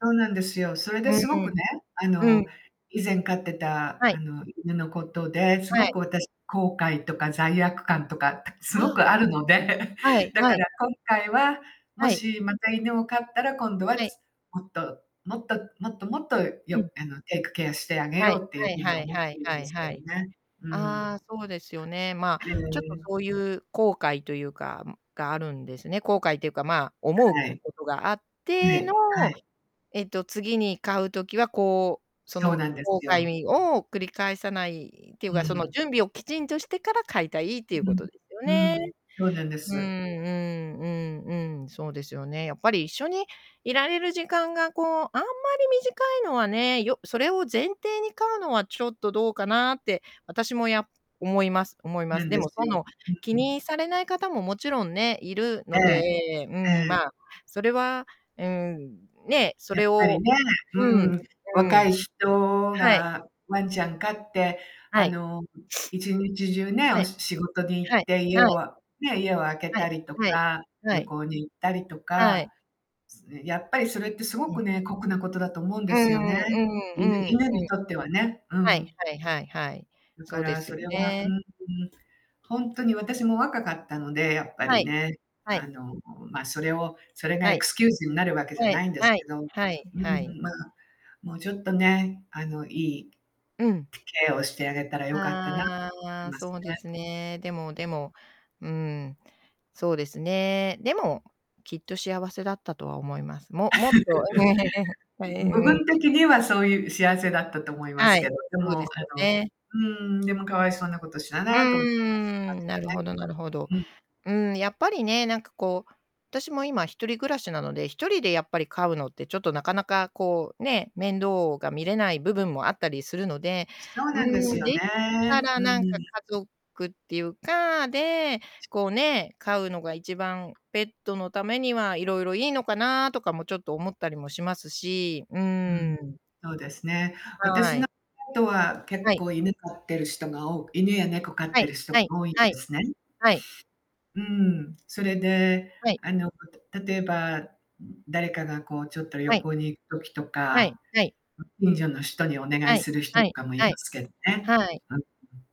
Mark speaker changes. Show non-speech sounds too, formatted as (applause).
Speaker 1: そうなんですよ。それで
Speaker 2: うん
Speaker 1: すご
Speaker 2: うん。
Speaker 1: くね、あ
Speaker 2: う
Speaker 1: の、
Speaker 2: ん。
Speaker 1: 以前飼ってた、
Speaker 2: はい。
Speaker 1: あの、犬のことで、す
Speaker 2: は
Speaker 1: ご
Speaker 2: い。
Speaker 1: く私後悔とか罪悪感とかす
Speaker 2: あ
Speaker 1: ご
Speaker 2: あ。
Speaker 1: くあるので、(chuckles)
Speaker 2: はい
Speaker 1: だ
Speaker 2: は
Speaker 1: か
Speaker 2: い。
Speaker 1: ら今回は、も
Speaker 2: はい。
Speaker 1: しまた犬を飼ったら、今度は、
Speaker 2: はい。
Speaker 1: つもっともっともっともっと、
Speaker 2: うん。
Speaker 1: よあの、テイクケアしてあげ
Speaker 2: は
Speaker 1: よ
Speaker 2: い
Speaker 1: うってゆう
Speaker 2: はい
Speaker 1: ふうに
Speaker 2: はい
Speaker 1: 思っ
Speaker 2: は
Speaker 1: て
Speaker 2: い
Speaker 1: るん
Speaker 2: は
Speaker 1: で
Speaker 2: い
Speaker 1: すけ
Speaker 2: は
Speaker 1: ど
Speaker 2: い。
Speaker 1: ね。うー
Speaker 2: ああ、
Speaker 1: ん。
Speaker 2: そうですよね。ま
Speaker 1: え
Speaker 2: あ、ちょっと、
Speaker 1: え。
Speaker 2: そうゆう後悔とゆうか、ん、があるんですね。後悔っていうか、まあ、思う
Speaker 1: はい。
Speaker 2: ことがあっ
Speaker 1: は
Speaker 2: ての、
Speaker 1: いはい。
Speaker 2: えっと、次に飼う時は、こう、そ
Speaker 1: そう
Speaker 2: の、
Speaker 1: なんで
Speaker 2: こう
Speaker 1: す
Speaker 2: かい
Speaker 1: よ。
Speaker 2: みを繰り返さないっていう
Speaker 1: う
Speaker 2: か、その、
Speaker 1: ん。
Speaker 2: 準備をきちんとしてから飼いたいって
Speaker 1: う
Speaker 2: いうこ
Speaker 1: ん
Speaker 2: とですよね。
Speaker 1: うん。そうなんで
Speaker 2: うんう
Speaker 1: す。
Speaker 2: んうんうん、そうですよね。やっぱり一緒にいられる時間が、こう、あんまり短いのはね、よそれを前提に飼うのはちょっとどうかなって、私も、や思います思いま
Speaker 1: な
Speaker 2: す。
Speaker 1: ん
Speaker 2: で
Speaker 1: で
Speaker 2: も、
Speaker 1: す
Speaker 2: そ
Speaker 1: よ。
Speaker 2: の、
Speaker 1: う
Speaker 2: 気
Speaker 1: うん。
Speaker 2: にされない方ももちろんね、いる
Speaker 1: え
Speaker 2: の
Speaker 1: え
Speaker 2: で、うん、ま
Speaker 1: ええ。
Speaker 2: あ、それは、うーん、ね、そ
Speaker 1: やっ
Speaker 2: れ
Speaker 1: ぱり
Speaker 2: を
Speaker 1: ね、う
Speaker 2: うん
Speaker 1: ん、
Speaker 2: う
Speaker 1: 若
Speaker 2: ん。
Speaker 1: い人
Speaker 2: はい。
Speaker 1: がワンちゃん飼って、
Speaker 2: は
Speaker 1: あ
Speaker 2: い。
Speaker 1: の、1日中
Speaker 2: (sniffs)
Speaker 1: ね、
Speaker 2: は
Speaker 1: お
Speaker 2: い。
Speaker 1: し仕事に行っ
Speaker 2: はい
Speaker 1: て、家
Speaker 2: はい。
Speaker 1: をあね、家を空け
Speaker 2: は
Speaker 1: た
Speaker 2: い
Speaker 1: りと
Speaker 2: はい
Speaker 1: か、
Speaker 2: は
Speaker 1: 旅
Speaker 2: い。
Speaker 1: 行に行ったりと
Speaker 2: は
Speaker 1: か、
Speaker 2: い。
Speaker 1: すん、やっぱりそれってすご
Speaker 2: う
Speaker 1: く
Speaker 2: ん。
Speaker 1: ね、酷なことだと思うん
Speaker 2: う
Speaker 1: で
Speaker 2: ん
Speaker 1: すよね、
Speaker 2: うんう
Speaker 1: 犬
Speaker 2: んうん。
Speaker 1: 犬にとってはね、う
Speaker 2: はい
Speaker 1: ん。
Speaker 2: はいはいはい。
Speaker 1: だ
Speaker 2: そ
Speaker 1: か
Speaker 2: うで
Speaker 1: ら
Speaker 2: すよ
Speaker 1: それはうん
Speaker 2: ね。
Speaker 1: うん。ほんとに私も若かったので、やっぱ
Speaker 2: は
Speaker 1: り
Speaker 2: い
Speaker 1: ね、
Speaker 2: は
Speaker 1: あ
Speaker 2: い。
Speaker 1: の、ま、それをそれが
Speaker 2: は
Speaker 1: エ
Speaker 2: い。
Speaker 1: クスキューズになるわけじゃ
Speaker 2: はい
Speaker 1: ないんです
Speaker 2: はい
Speaker 1: けどうん
Speaker 2: はいは
Speaker 1: う
Speaker 2: い。
Speaker 1: ん、まあ、もうちょっとね、あの、いい、
Speaker 2: うん。
Speaker 1: ケアをしてあげたらよかったな
Speaker 2: あ
Speaker 1: (unintelligible)
Speaker 2: あ、
Speaker 1: ます
Speaker 2: そうで
Speaker 1: ね。
Speaker 2: すね。でもでも、うん、そうですね。でも、きっと幸せだったとは思います。ももっと (chuckles)
Speaker 1: (chuckles) ん、部分的
Speaker 2: (unintelligible)
Speaker 1: にはそうゆう幸せだったと思いま
Speaker 2: は
Speaker 1: すけ
Speaker 2: い、
Speaker 1: ど、で
Speaker 2: そうで
Speaker 1: も、
Speaker 2: すよ
Speaker 1: あの、う
Speaker 2: ね。
Speaker 1: ーん、でも、可哀想なことした
Speaker 2: う
Speaker 1: なと思ってます。今
Speaker 2: ー
Speaker 1: で
Speaker 2: ん、
Speaker 1: も
Speaker 2: なるほ
Speaker 1: ね。
Speaker 2: どなるほど。
Speaker 1: うん。
Speaker 2: うーん、やっぱりね、なんか、こう、私も今一人暮らしなので、1人でやっぱり飼うのってちょっとなかなか、こう、ね、面倒が見れない部分もあったりするので、
Speaker 1: そう
Speaker 2: う
Speaker 1: なんで
Speaker 2: ー
Speaker 1: す
Speaker 2: ん、
Speaker 1: よ
Speaker 2: できた
Speaker 1: ね。
Speaker 2: ら
Speaker 1: うー
Speaker 2: なんか
Speaker 1: ん。
Speaker 2: 家族ってゆうかで、こうね、飼うのが一番、ペットのためにはいろいろいいのかなとかもちょっと思ったりもしますし、う
Speaker 1: う
Speaker 2: ー
Speaker 1: ん、
Speaker 2: ん。
Speaker 1: そうですね。
Speaker 2: は
Speaker 1: 私の
Speaker 2: い。
Speaker 1: (unintelligible) とは、
Speaker 2: は
Speaker 1: 結
Speaker 2: い。
Speaker 1: 構、犬飼ってる人が多く犬や猫飼っ
Speaker 2: は
Speaker 1: て
Speaker 2: い
Speaker 1: る人、
Speaker 2: はい
Speaker 1: 多いんで
Speaker 2: はい。
Speaker 1: すね。
Speaker 2: はい。
Speaker 1: うん、それで、
Speaker 2: はい。
Speaker 1: あの、(unintelligible) 例えば、ん、誰かが、こう、ちょっと旅
Speaker 2: はい。
Speaker 1: 行に行く時と
Speaker 2: はい
Speaker 1: か、
Speaker 2: はい。
Speaker 1: 近所の人にお願
Speaker 2: は
Speaker 1: い
Speaker 2: い
Speaker 1: する人
Speaker 2: は
Speaker 1: と
Speaker 2: い
Speaker 1: かもい
Speaker 2: は
Speaker 1: ま
Speaker 2: い。
Speaker 1: すけどね。
Speaker 2: はい。
Speaker 1: (unintelligible)